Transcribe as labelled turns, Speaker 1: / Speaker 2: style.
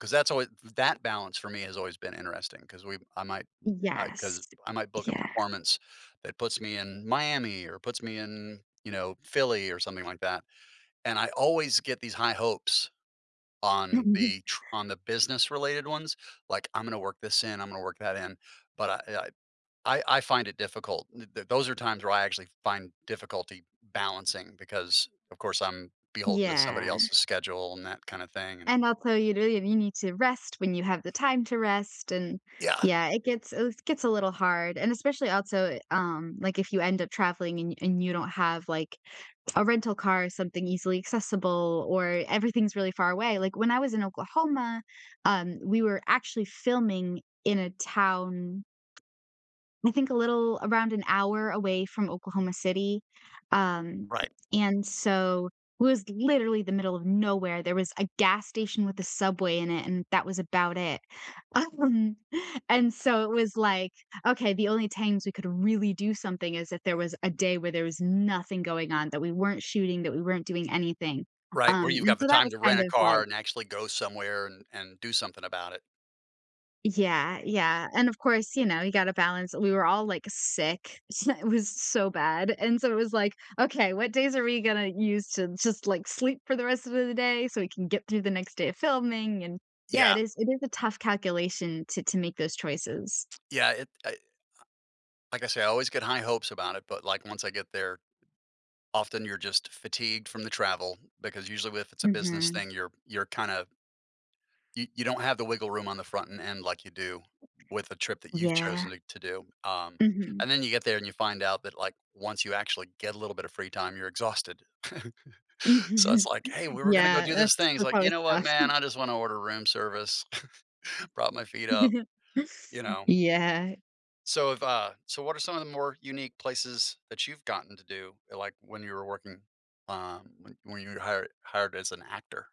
Speaker 1: 'Cause that's alway th that balance for me, has always been interesting, 'cause we I might uh,
Speaker 2: Yes.
Speaker 1: 'cause I might book a
Speaker 2: Yeah.
Speaker 1: performance, that puts me in Miami, or puts me in, you know, Philly, or something like that. And I always get these high hopes on
Speaker 2: Mhm.
Speaker 1: the tr on the business related ones, like, "I'm gonna work this in, I'm gonna work that in," but I eh, I I I find it difficult. Th th those are times where I actually find difficulty balancing because, of course, I'm beholden to somebody
Speaker 2: Yeah.
Speaker 1: else's schedule, and that kinda thing, and
Speaker 2: And, also, you really you need to rest when you have the time to rest. And,
Speaker 1: Yeah.
Speaker 2: yeah, it gets uh, it gets a little hard, and especially also, um, like, if you end up traveling, and y and you don't have, like, a rental car or something easily accessible, or everything's really far away. Like, when I was in Oklahoma, um, we were actually filming in a town I think, a little around an hour away from Oklahoma City, um,
Speaker 1: Right.
Speaker 2: and so, was literally the middle of nowhere. There was a gas station with a Subway in it, and that was about it. Um, and so, it was like, "Okay, the only times we could really do something is if there was a day where there was nothing going on, that we weren't shooting, that we weren't doing anything."
Speaker 1: Right,
Speaker 2: Um,
Speaker 1: where you've
Speaker 2: and
Speaker 1: got the
Speaker 2: so, that
Speaker 1: time
Speaker 2: was
Speaker 1: to
Speaker 2: kind
Speaker 1: rent a
Speaker 2: of
Speaker 1: car,
Speaker 2: like
Speaker 1: and actually go somewhere and and do something about it.
Speaker 2: Yeah, yeah, and, of course, you know, you gotta balance We were all, like, sick, so, it was so bad, and so it was like, "Okay, what days are we gonna use to just, like, sleep for the rest of the d day, so we can get through the next day of filming." And, yeah, it
Speaker 1: Yeah.
Speaker 2: is it is a tough calculation to to make those choices.
Speaker 1: Yeah, it I uh, like I say, I always get high hopes about it, but, like, once I get there, often you're just fatigued from the travel, because usually with it's a business
Speaker 2: Mhm.
Speaker 1: thing, you're you're kinda y you don't have the wiggle room on the front end, like you do, with a trip that you've
Speaker 2: Yeah.
Speaker 1: chosen, eh, to do. Um,
Speaker 2: Mhm.
Speaker 1: and then you get there and you find out that like once you actually get a little bit of free time, you're exhausted. So it's
Speaker 2: Mhm,
Speaker 1: like, "Hey, we were gonna go
Speaker 2: yeah.
Speaker 1: do this
Speaker 2: That's
Speaker 1: thing," it's
Speaker 2: that's
Speaker 1: like, "You
Speaker 2: always
Speaker 1: know what,
Speaker 2: best.
Speaker 1: man? I just wanna order room service, prop my feet up, you know?"
Speaker 2: Yeah.
Speaker 1: So if, uh, so what are some of the more unique places that you've gotten to do, eh, like when you were working, um, when when you were hired hired as an actor?